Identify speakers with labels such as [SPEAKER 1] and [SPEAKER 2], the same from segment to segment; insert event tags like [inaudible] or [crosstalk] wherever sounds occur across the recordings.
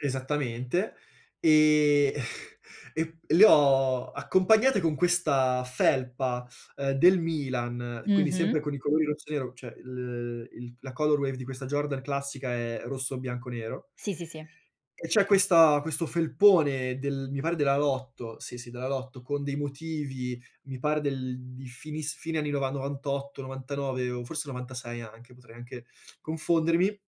[SPEAKER 1] Esattamente. Ehm, [chuckles] e p le ho accompagnate con questa felpa, uhm, del Milan, quindi
[SPEAKER 2] Mh-mh.
[SPEAKER 1] sempre con i colori rosso e nero, cioè l il la color wave di questa Jordan classica è rosso, bianco, nero
[SPEAKER 2] Sì, sì, sì.
[SPEAKER 1] e c'è questa questo felpone del mi pare della Lotto, sì, sì della Lotto, con dei motivi, mi pare del di finiss fine anni nova 98, 99 o forse 96 anche, potrei anche [sucks teeth] confondermi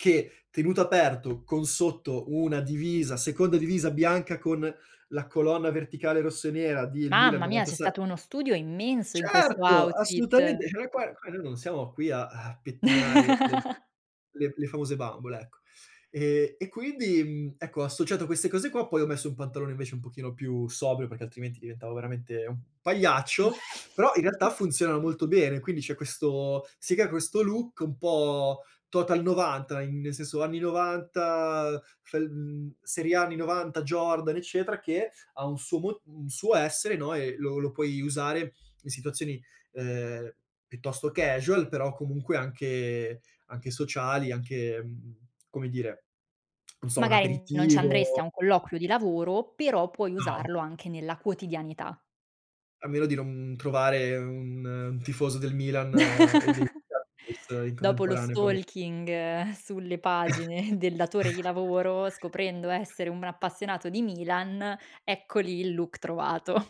[SPEAKER 1] che tenuto aperto, con sotto una divisa seconda divisa bianca con la colonna verticale rosso e nera del Milan
[SPEAKER 2] Mamma mia! C'è
[SPEAKER 1] 96
[SPEAKER 2] stato uno studio immenso in questo
[SPEAKER 1] Certo!
[SPEAKER 2] outfit.
[SPEAKER 1] Assolutamente! Cioè noi qua qua noi non siamo qui a a pettinare le
[SPEAKER 2] [chuckles]
[SPEAKER 1] le le famose bambole, ecco. Ehm, e quindi, mhmm, ecco, associato a queste cose qua, poi ho messo un pantalone invece un pochino più sobrio, perché altrimenti diventavo veramente un pagliaccio, [sucks teeth] però in realtà
[SPEAKER 2] [chuckles]
[SPEAKER 1] funzionano molto bene, quindi c'è questo si crea questo look un po' total '90, in nel senso anni '90 fel mhmm, serie A anni '90 Jordan eccetera, che ha un suo mo un suo essere, no, e lo lo puoi usare in situazioni ehm, piuttosto casual, però comunque anche anche sociali, anche, mhmm, come dire, [clicks tongue] non so, un
[SPEAKER 2] Magari n non ci andresti
[SPEAKER 1] aperitivo
[SPEAKER 2] a un colloquio di lavoro, però puoi
[SPEAKER 1] No.
[SPEAKER 2] usarlo anche nella quotidianità.
[SPEAKER 1] A meno di non, mhmm, trovare un un tifoso del Milan e dei
[SPEAKER 2] [chuckles]
[SPEAKER 1] [unintelligible] in
[SPEAKER 2] Dopo lo
[SPEAKER 1] contemporanea come
[SPEAKER 2] stalking sulle pagine del datore di lavoro, scoprendo
[SPEAKER 1] [chuckles]
[SPEAKER 2] essere un appassionato di Milan, ecco lì il look trovato. [chuckles]